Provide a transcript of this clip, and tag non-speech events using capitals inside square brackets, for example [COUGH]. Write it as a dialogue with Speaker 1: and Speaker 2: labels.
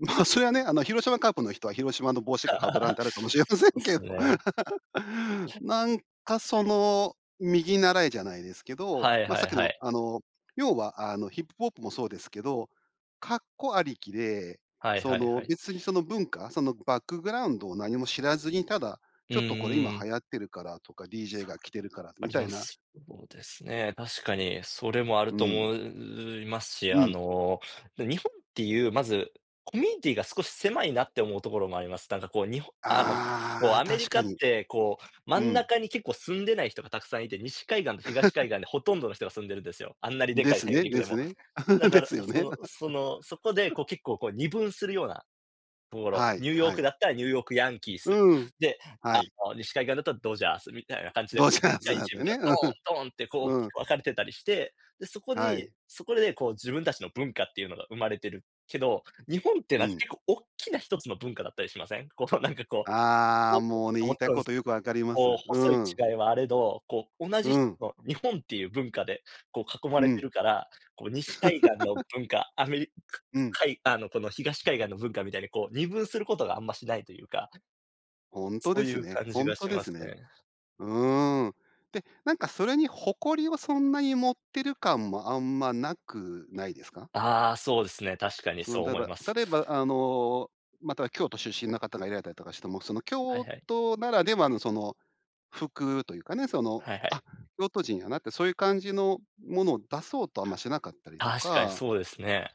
Speaker 1: ま、それはね、あの、広島カープの人は広島の帽子しか
Speaker 2: [LAUGHS]
Speaker 1: 被らんてあるかもしれませ
Speaker 2: で
Speaker 1: ん
Speaker 2: す
Speaker 1: けど。
Speaker 2: ね。
Speaker 1: [LAUGHS] なんかその、右習えじゃないですけど、
Speaker 2: はい
Speaker 1: ま、
Speaker 2: は
Speaker 1: さっ
Speaker 2: い
Speaker 1: き
Speaker 2: は
Speaker 1: の、
Speaker 2: い。
Speaker 1: あの、要は、あの、ヒップホップもそうですけど、かっこありきで、
Speaker 2: はい
Speaker 1: そ
Speaker 2: はい
Speaker 1: の、
Speaker 2: はい。
Speaker 1: 別にその文化、そのバックグラウンドを何も知らずに、ただ
Speaker 2: う
Speaker 1: 「ち
Speaker 2: ん
Speaker 1: ょっとこれ今
Speaker 2: うん。
Speaker 1: 流行ってるから」とか「DJ が着てるから」
Speaker 2: あ
Speaker 1: み
Speaker 2: り
Speaker 1: たい
Speaker 2: ま
Speaker 1: な
Speaker 2: す。そうですね、確かにそれもある
Speaker 1: う
Speaker 2: と
Speaker 1: ん。
Speaker 2: 思ういますし、
Speaker 1: う
Speaker 2: あ
Speaker 1: ん。
Speaker 2: の日本っていうまず、コミュニティが少し狭いなって思うところもあります。なんかこう、日本あの、こう、
Speaker 1: ああ、
Speaker 2: アメ
Speaker 1: 確
Speaker 2: リカ
Speaker 1: か
Speaker 2: っ
Speaker 1: に。
Speaker 2: てこう、真
Speaker 1: う
Speaker 2: ん
Speaker 1: ん。
Speaker 2: 中に結構住んでない人が沢山いて、西海岸と東
Speaker 1: [LAUGHS]
Speaker 2: 海岸でほとんどの人が住んでるんですよ、あんなにで
Speaker 1: で
Speaker 2: かい
Speaker 1: す
Speaker 2: 大
Speaker 1: ね
Speaker 2: 陸
Speaker 1: で
Speaker 2: で
Speaker 1: す
Speaker 2: も。
Speaker 1: ね。
Speaker 2: だ
Speaker 1: [LAUGHS] で
Speaker 2: から
Speaker 1: すよ
Speaker 2: そ
Speaker 1: ね。
Speaker 2: のその、そこで
Speaker 1: [LAUGHS]
Speaker 2: こう結構こう、二分するようなところ、
Speaker 1: はい
Speaker 2: ニューヨー
Speaker 1: は
Speaker 2: ク
Speaker 1: い。
Speaker 2: だったらニューヨークヤンキー
Speaker 1: う
Speaker 2: ス。
Speaker 1: ーん。
Speaker 2: で、
Speaker 1: は
Speaker 2: あ
Speaker 1: い。
Speaker 2: の、西海岸だったらドジャースみたいな感じで、
Speaker 1: ドジ
Speaker 2: でっ
Speaker 1: ャー
Speaker 2: か
Speaker 1: ズ
Speaker 2: い
Speaker 1: だっ
Speaker 2: チー
Speaker 1: て
Speaker 2: ムが
Speaker 1: ね。
Speaker 2: ドーン、ドーンってこ
Speaker 1: う
Speaker 2: う、
Speaker 1: ん。うん。
Speaker 2: 分かれてたりして、で、そこ
Speaker 1: は
Speaker 2: に
Speaker 1: い。
Speaker 2: そこでこう、自分たちの文化っていうのが生まれてるけど、日本っての
Speaker 1: う
Speaker 2: は、なんか
Speaker 1: ん。
Speaker 2: 結構おっきな一つの文化だったりしません？こうなんか、こう
Speaker 1: ああ、
Speaker 2: [UNINTELLIGIBLE]
Speaker 1: もうね、言いた
Speaker 2: 勿
Speaker 1: い
Speaker 2: 論、
Speaker 1: ことよく分かりま
Speaker 2: こう、
Speaker 1: す。
Speaker 2: 細
Speaker 1: う
Speaker 2: い
Speaker 1: ん。
Speaker 2: 違いはあれど、こう、同じ
Speaker 1: う
Speaker 2: 一
Speaker 1: ん。
Speaker 2: つの日本っていう文化で、こう、囲ま
Speaker 1: う
Speaker 2: れて
Speaker 1: ん。
Speaker 2: るから、こう西海岸の
Speaker 1: [LAUGHS]
Speaker 2: 文化、アメリカ
Speaker 1: うん。
Speaker 2: かいあの、この東海岸の文化みたいにこう二分することがあんましないというか。
Speaker 1: 本当
Speaker 2: そ
Speaker 1: で
Speaker 2: うい
Speaker 1: す
Speaker 2: う
Speaker 1: ね
Speaker 2: 感じ
Speaker 1: 本
Speaker 2: が
Speaker 1: 当
Speaker 2: し
Speaker 1: で
Speaker 2: ま
Speaker 1: す
Speaker 2: す
Speaker 1: ね。
Speaker 2: ね。
Speaker 1: うーん。で、なんかそれに誇りをそんなに持ってる感もあんまなくないですか？
Speaker 2: ああ、そうですね。確かに
Speaker 1: その、
Speaker 2: そう
Speaker 1: たれ
Speaker 2: 思い
Speaker 1: ば
Speaker 2: ます。
Speaker 1: 例えば、あの、または京都出身の方がいられたりとかしても、その、
Speaker 2: は
Speaker 1: 京
Speaker 2: いはい。
Speaker 1: 都ならではの、その、服というかね。その
Speaker 2: はいは
Speaker 1: 「あ、
Speaker 2: い。
Speaker 1: 京都人やな」って、そういう感じのものを出そうとあんましなかったりと
Speaker 2: 確かに
Speaker 1: か
Speaker 2: そうですね。